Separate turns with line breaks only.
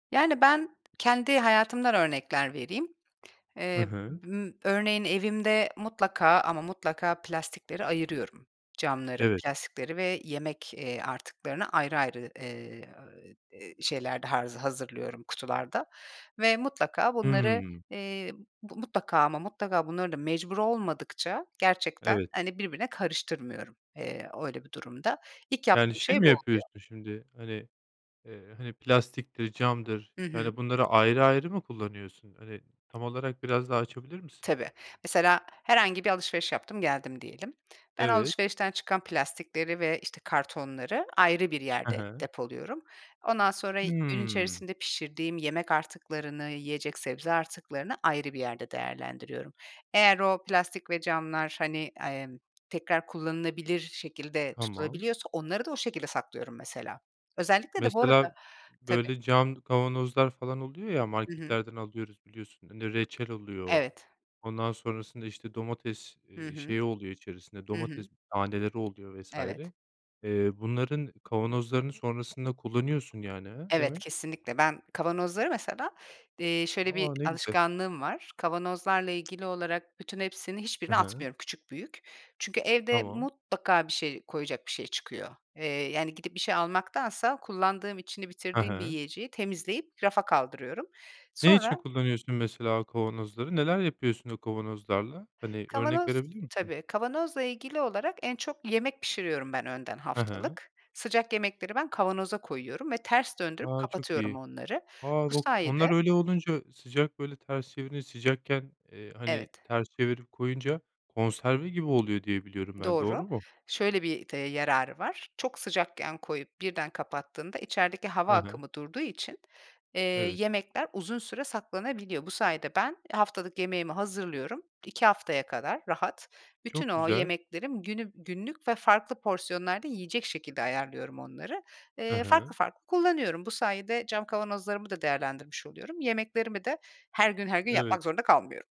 Yani, ben kendi hayatımdan örnekler vereyim.
Hı
Eee,
hı.
ımm, örneğin, evimde mutlaka ama mutlaka plastikleri ayırıyorum. Camları,
Evet.
plastikleri ve yemek, eee, artıklarını ayrı ayrı, eee, şeyler de ha hazırlıyorum kutularda ve mutlaka bunları,
Hımm.
eee, mutlaka ama mutlaka bunları da mecbur olmadıkça gerçekten,
Evet.
hani, birbirine karıştırmıyorum. Eee, öyle bir durumda ilk
Yani,
yaptığım
şey
şey
mi,
bu oluyor.
yapıyorsun şimdi, hani, eee, hani, plastiktir camdır,
Hı hı.
yani, bunları ayrı ayrı mı kullanıyorsun? Hani, tam olarak biraz daha açabilir misin?
Tabii. Mesela herhangi bir alışveriş yaptım geldim diyelim. Ben
Evet.
alışverişten çıkan plastikleri ve, işte, kartonları ayrı bir
Hı
yerde
hı.
depoluyorum. Ondan sonra gün
Hımm.
içerisinde pişirdiğim yemek artıklarını, yiyecek sebze artıklarını ayrı bir yerde değerlendiriyorum. Eğer o plastik ve camlar, hani, emm, tekrar kullanılabilir şekilde
Tamam
tutulabiliyorsa onları da o şekilde saklıyorum mesela. Özellikle de bu arada
Mesela
tabii.
böyle cam kavanozlar falan oluyor ya
Hı hı.
marketlerden alıyoruz, biliyorsun reçel oluyor.
Evet.
Ondan sonrasında, işte, domates,
Hı
eee,
hı.
şeyi oluyor içerisinde
Hı
domates
hı.
taneleri oluyor vs.
Evet.
eee, bunların kavanozlarını sonrasında kullanıyorsun, yani, he
Evet.
demek?
Kesinlikle. Ben kavanozları mesela, eee, şöyle bir
A. Ne güzel.
alışkanlığım var. Kavanozlarla ilgili olarak bütün hepsinin
Hı
hiçbirini
hı.
atmıyorum, küçük, büyük. Çünkü evde
Tamam.
mutlaka bir şey koyacak bir şey çıkıyor. Eee, yani, gidip bir şey almaktansa kullandığım içini
Hı
bitirdiğim bir
hı.
yiyeceği temizleyip rafa kaldırıyorum.
Ne
Sonra...
için kullanıyorsun mesela kavanozları? Neler yapıyorsun o kavanozlarla? Hani, örnek
Kavanoz
verebilir misin?
tabii kavanozla ilgili olarak en çok yemek pişiriyorum ben önden
Hı hı.
haftalık. Sıcak yemekleri ben kavanoza koyuyorum ve ters döndürüp
A. Çok
kapatıyorum
iyi.
onları.
A,
Bu
onlar
sayede...
öyle olunca sıcak böyle ters çevirince sıcakken, eee, hani,
Evet.
ters çevirip koyunca konserve gibi oluyor diye biliyorum ben
Doğru.
doğru mu?
Şöyle bir, eee, yararı var. Çok sıcakken koyup birden kapattığında içerideki hava
Hı hı.
akımı durduğu için, eee,
Evet.
yemekler uzun süre saklanabiliyor. Bu sayede ben haftalık yemeğimi hazırlıyorum 2 haftaya kadar rahat. Bütün
Çok
o
güzel.
yemeklerim günü günlük ve farklı porsiyonlarda yiyecek şekilde ayarlıyorum onları.
Hı
Eee, farklı
hı.
farklı kullanıyorum. Bu sayede cam kavanozlarımı da değerlendirmiş oluyorum. Yemeklerimi de her gün her gün
Evet.
yapmak zorunda kalmıyorum.